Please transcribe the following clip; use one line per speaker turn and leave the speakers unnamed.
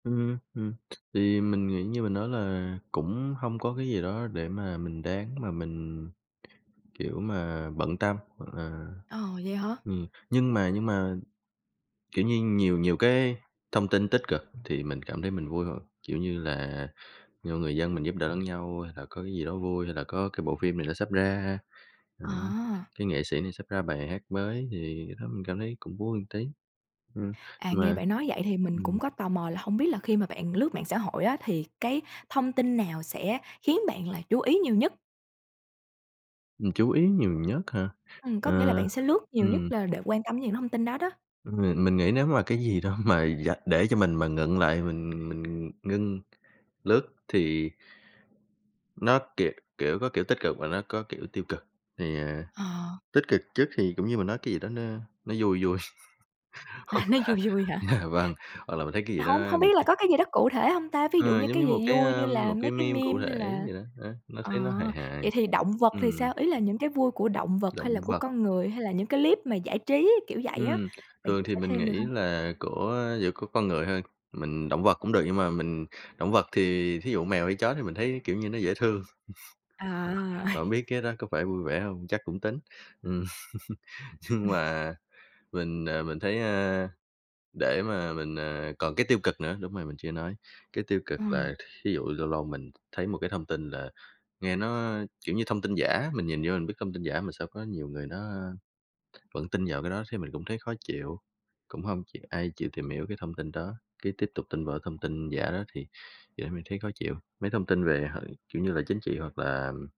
Ừm, ừm, thì mình nghĩ như mình nói là cũng hông có cái gì đó để mà mình đáng mà mình, kiểu mà, bận tâm hoặc là
Ờ, vậy hả?
ừm, nhưng mà nhưng mà, kiểu như, nhiều nhiều cái thông tin tích cực thì mình cảm thấy mình vui hơn, kiểu như là nhiều người dân mình giúp đỡ lẫn nhau, hay là có cái gì đó vui, hay là có cái bộ phim này nó sắp ra, đó,
À.
cái nghệ sĩ này sắp ra bài hát mới thì cái đó mình cảm thấy cũng vui một tí, ừm,
À, nghe
mà
bạn nói vậy thì mình
ừm.
cũng có tò mò là hông biết là khi mà bạn lướt mạng xã hội á thì cái thông tin nào sẽ khiến bạn là chú ý nhiều nhất?
Mình chú ý nhiều nhất hả?
Ừm, có nghĩa là
Ờ,
bạn sẽ lướt nhiều nhất
ừm.
là để quan tâm đến những thông tin đó đó.
Ừm, mình nghĩ nếu mà cái gì đó mà vạch để cho mình mà ngưng lại, mình mình ngưng lướt thì nó, kiểu kiểu, có kiểu tích cực và nó có kiểu tiêu cực. Thì, à,
Ờ.
tích cực trước thì cũng như mình nói cái gì đó nó nó vui vui.
À, nó vui vui
[unintelligible]
hả?
Dạ vâng, hoặc là mình thấy cái gì
Hông
đó
hông
một
biết là
cái
có cái gì đó cụ thể hông ta? Ví dụ
Ờ,
như
giống
cái
như một
gì
cái,
vui như
a,
là
một
mấy
cái
cái
meme cụ
meme hay
thể
là
vậy đó. Đó, nó
ờ,
thấy nó hài hài,
vậy thì động vật thì
ừm.
sao? Ý là những cái vui của động vật,
Động
hay là của
vật
con người, hay là những cái clip mà giải trí kiểu vậy á,
Ừm,
bạn
thường
chia
thì
sẻ
mình
thêm được
nghĩ
hông?
là của giữa của con người thôi, mình động vật cũng được nhưng mà mình động vật thì thí dụ mèo hay chó thì mình thấy, kiểu như, nó dễ thương,
À.
bạn biết cái đó có phải vui vẻ hông, chắc cũng tính, ừm. Nhưng mà, mình, ờ, mình thấy, ơ, để mà mình, ờ còn cái tiêu cực nữa, đúng rồi, mình chưa nói, cái tiêu cực
Ờ.
là thí dụ lâu lâu mình thấy một cái thông tin là, nghe nó, kiểu, như thông tin giả, mình nhìn vô mình biết thông tin giả mà sao có nhiều người nó vẫn tin vào cái đó thấy mình cũng thấy khó chịu. Cũng hông chịu ai chịu tìm hiểu cái thông tin đó, cái tiếp tục tin vào cái thông tin giả đó thì điều đấy mình thấy khó chịu. Mấy thông tin về, hả, kiểu như là, chính trị hoặc là